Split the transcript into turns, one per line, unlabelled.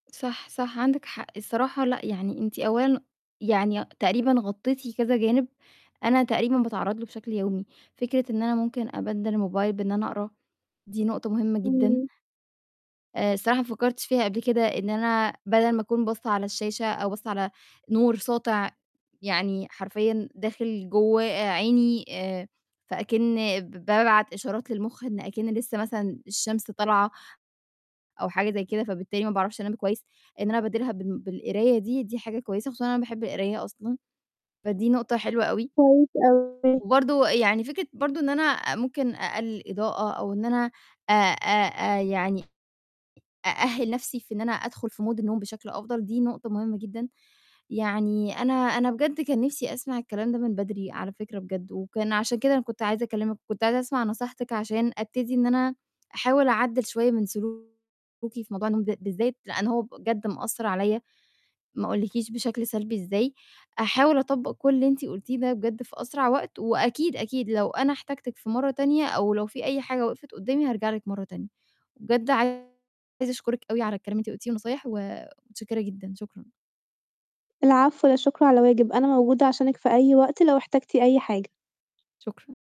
صح، صح، عندِك حق. الصراحة لأ، يعني أنتِ أولًا يعني تقريبًا غطّيتِ كذا جانب أنا تقريبًا باتعرَّض له بشكل يومي. فكرة إن أنا ممكن أبَدِّل الموبايل بإن أنا أقرا، دي نقطة مهمة جدًا.
إمم.
آآ الصراحة ما فكّرتش فيها قبل كده إن أنا بَدَل ما أكون باصّة على الشاشة أو باصّة على نور ساطع يعني حرفيًا داخل جوّه عيني، آآ فأكِن بابعت إشارات للمُخ إن أكِن لسّه مثلًا الشمس طالعة أو حاجة زي كده، فبالتالي ما باعرفش أنام كويس، إن أنا أبدِّلها بال بالقراية دي، دي حاجة كويسة، خصوصًا أنا باحب القراية أصلًا، فدي نقطة حلوة أوي.
كويس أوي.
وبرضه يعني، فكرة برضه إن أنا ممكن أقلِّل إضاءة أو إن أنا أ أ أ يعني أأهِّل نَفْسي في إن أنا أدخُل في mood النوم بشكل أفضل، دي نقطة مهمة جدًا. يعني أنا أنا بجد كان نِفْسي أسمع الكلام ده من بدري على فكرة بجد وكان عشان كده أنا كنت عايزة أكلِّمِك، كنت عايزة أسمع نصيحتِك عشان أبتدي إن أنا أحاول أعدِّل شوية من سلوكي في موضوع النوم ده بالذات، لإن هو بجد مأثّر عليّا، ما أقولِّكيش بشكل سلبي إزاي. أحاول أطبَّق كل اللي أنتِ قلتيه ده بجد في أسرع وقت وأكيد، أكيد لو أنا احتجتِك في مرّة تانية أو لو فيه أي حاجة وِقِفت قُدّامي، هارجع لِك مرّة تانية. بجد عايزة أشكُرِك أوي على الكلام اللي أنتِ قُلتيه والنصايح ومتشكِّرة جدًا، شكرًا
العفو، لا شكر على واجب. أنا موجودة عشانِك في أي وقت لو احتجتِ أي حاجة.
شكرًا.